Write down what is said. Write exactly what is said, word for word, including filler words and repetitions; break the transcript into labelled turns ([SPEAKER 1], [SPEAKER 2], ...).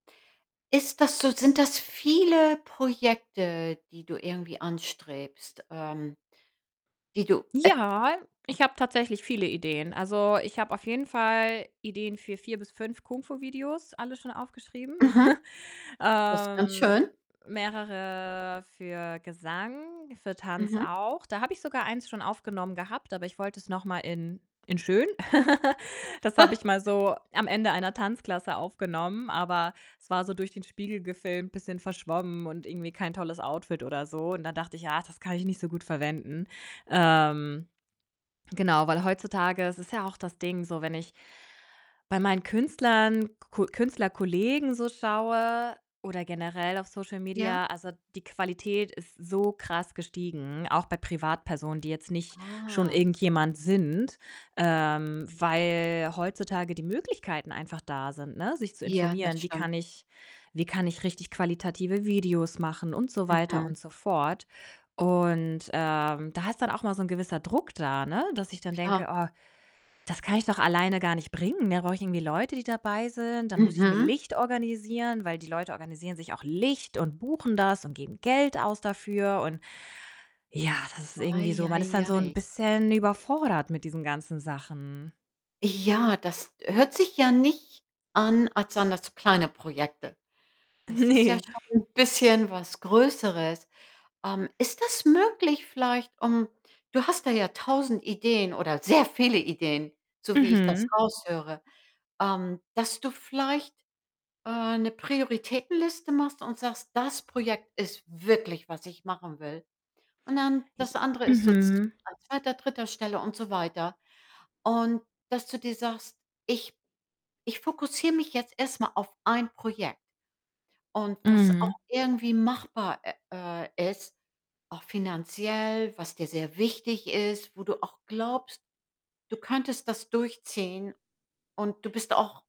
[SPEAKER 1] Ist das so sind das viele Projekte, die du irgendwie anstrebst, ähm die du e
[SPEAKER 2] Ja, ich habe tatsächlich viele Ideen. Also, ich habe auf jeden Fall Ideen für vier bis fünf Kung Fu-Videos, alle schon aufgeschrieben.
[SPEAKER 1] Mhm. Das ganz
[SPEAKER 2] Ähm,
[SPEAKER 1] schön.
[SPEAKER 2] mehrere für Gesang, für Tanz
[SPEAKER 1] Mhm.
[SPEAKER 2] auch. Da habe ich sogar eins schon aufgenommen gehabt, aber ich wollte es noch mal in in schön. Das habe ich mal so am Ende einer Tanzklasse aufgenommen, aber es war so durch den Spiegel gefilmt, bisschen verschwommen und irgendwie kein tolles Outfit oder so. Und da dachte ich, ah, das kann ich nicht so gut verwenden. Ähm, genau, weil heutzutage ist es ja auch das Ding so, wenn ich bei meinen Künstlern, Ku Künstlerkollegen so schaue oder generell auf Social
[SPEAKER 1] Ja.
[SPEAKER 2] Media, also die Qualität ist so krass gestiegen, auch bei Privatpersonen, die jetzt nicht schon
[SPEAKER 1] Ah.
[SPEAKER 2] irgendjemand sind, ähm, weil heutzutage die Möglichkeiten einfach da sind, ne, sich zu
[SPEAKER 1] Ja, das
[SPEAKER 2] informieren: „Wie
[SPEAKER 1] stimmt.
[SPEAKER 2] kann ich wie kann ich richtig qualitative Videos machen?“, und so weiter
[SPEAKER 1] Mhm.
[SPEAKER 2] und so fort. Und, ähm, da ist dann auch immer so ‘n gewisser Druck da, ne, dass ich dann
[SPEAKER 1] Klar.
[SPEAKER 2] denke: „Oh, das kann ich doch alleine gar nicht bringen. Da brauche ich irgendwie Leute, die dabei sind. Dann muss ich mir
[SPEAKER 1] Mhm.
[SPEAKER 2] Licht organisieren, weil die Leute organisieren sich auch Licht und buchen das und geben Geld aus dafür“, und ja, das ist irgendwie
[SPEAKER 1] Ei,
[SPEAKER 2] so man ist
[SPEAKER 1] ei,
[SPEAKER 2] dann so ‘n
[SPEAKER 1] ei.
[SPEAKER 2] bisschen überfordert mit diesen ganzen Sachen.
[SPEAKER 1] Ja, das hört sich ja nicht an, als seien das so kleine Projekte. Das ist ja
[SPEAKER 2] Ne.
[SPEAKER 1] schon ‘n bisschen was Größeres. Ähm, ist das möglich vielleicht ähm, du hast da ja tausend Ideen oder sehr viele Ideen, so wie ich das
[SPEAKER 2] Mhm.
[SPEAKER 1] raushöre, ähm, dass du vielleicht, äh, ‘ne Prioritätenliste machst und sagst: „Das Projekt ist wirklich, was ich machen will.“ Und dann
[SPEAKER 2] Ich
[SPEAKER 1] das andere ist so zw
[SPEAKER 2] mhm.
[SPEAKER 1] an zweiter, dritter Stelle und so weiter. Und dass du dir sagst: „Ich ich fokussiere mich jetzt erst mal auf ein Projekt.“ Und was
[SPEAKER 2] Mhm.
[SPEAKER 1] auch irgendwie machbar, ä äh, ist, auch finanziell, was dir sehr wichtig ist, wo du auch glaubst, du könntest das durchziehen und du bist auch